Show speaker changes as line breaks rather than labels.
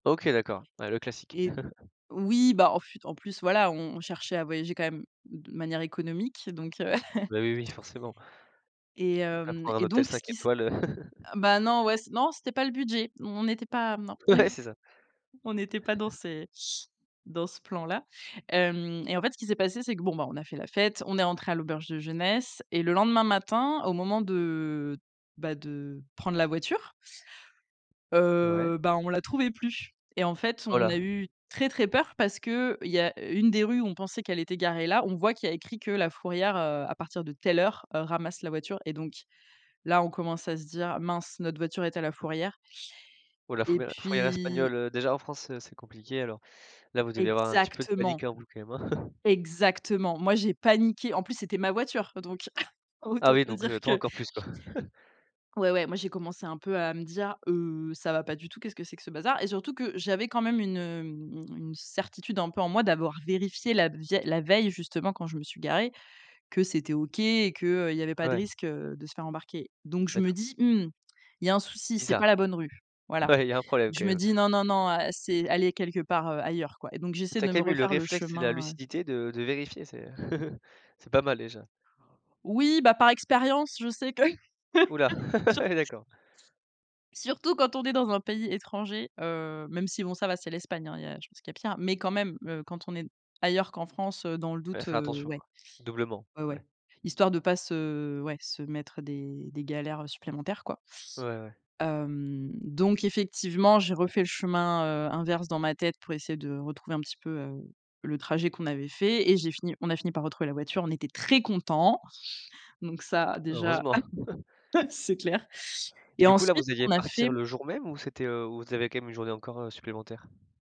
OK, d'accord, ouais, le classique.
Et oui, bah, en fait en plus, voilà, on on cherchait à voyager quand même de manière économique donc heu
Bah, oui, oui, forcément.
et
On va
hem,
prendre un
et
hôtel
donc ce
5
qui s
étoiles, heu
bah, non, ouais, c non, c'était pas le budget. On n'était pas non,
Ouais, c'est ça.
on n'était pas dans ces dans ce plan-là. Hem, et en fait, ce qui s'est passé, c'est que, bon, bah, on a fait la fête, on est entré à l'auberge de jeunesse, et le lendemain matin, au moment de, bah, de prendre la voiture
Ouais.
heu, bah, on la trouvait plus, et en fait,
Oh
on
là.
a eu très, très peur, parce qu'il y a une des rues où on pensait qu'elle était garée là. On voit qu'il y a écrit que la fourrière, heu, à partir de telle heure, heu, ramasse la voiture, et donc là, on commence à se dire: «Mince, notre voiture est à la fourrière».
Ouh là,
Et
fourrière fourrière
puis
espagnole, heu, déjà en France, heu, c'est compliqué. Alors là, vous deviez avoir un petit peu de
exactement.
panique en vous, quand même, hein?
Exactement, moi j'ai paniqué, en plus, c'était ma voiture donc
Ah
autant
oui,
te
donc
dire
heu, toi
que
encore plus, quoi.
ouais, ouais, moi, j'ai commencé un peu à me dire: «Heu, ça va pas du tout, qu'est ce que c'est que ce bazar?» et surtout que j'avais quand même une, hem, une certitude un peu en moi, d'avoir vérifié la vieil la veille, justement, quand je me suis garée, que c'était OK et qu'il y avait pas
Ah
de
ouais.
risque, heu, de se faire embarquer, donc je me
D'accord.
dis: «Mmh, il y a un souci, c'est pas la
Bizarre.
bonne rue». Voilà.
Ouais, il y a un problème, quand
Je me
même.
dis: «Non, non, non, c'est elle est quelque part, heu, ailleurs, quoi», et donc j'essaie
Tu as
de
quand
me
même eu le
refaire le
réflexe et la
chemin.
lucidité de de vérifier, c'est c'est pas mal déjà.
Oui, bah, par expérience, je sais que,
Ouh là,
sur
ah ouais, d'accord.
surtout quand on est dans un pays étranger, heu, même si, bon, ça va, c'est l'Espagne, hein. Il y a je pense qu'il y a pire, mais quand même, heu, quand on est ailleurs qu'en France, heu, dans le
Ouais,
doute,
fais
heu,
attention,
ouais.
quoi, doublement,
Ouais,
oui.
ouais, histoire de pas se ouais, se mettre, heu, des des galères supplémentaires, quoi.
Ouais, ouais.
Hem, donc effectivement, j'ai refait le chemin, heu, inverse dans ma tête pour essayer de retrouver un petit peu, heu, le trajet qu'on avait fait et j'ai fini on a fini par retrouver la voiture, on était très contents, donc ça, déjà,
Heureusement.
c'est clair,
Et
et
du coup, là,
ensuite,
vous
ce
alliez
qu'on a
partir
fait
le jour même, ou c'était, heu, ou vous avez quand même une journée encore, heu, supplémentaire?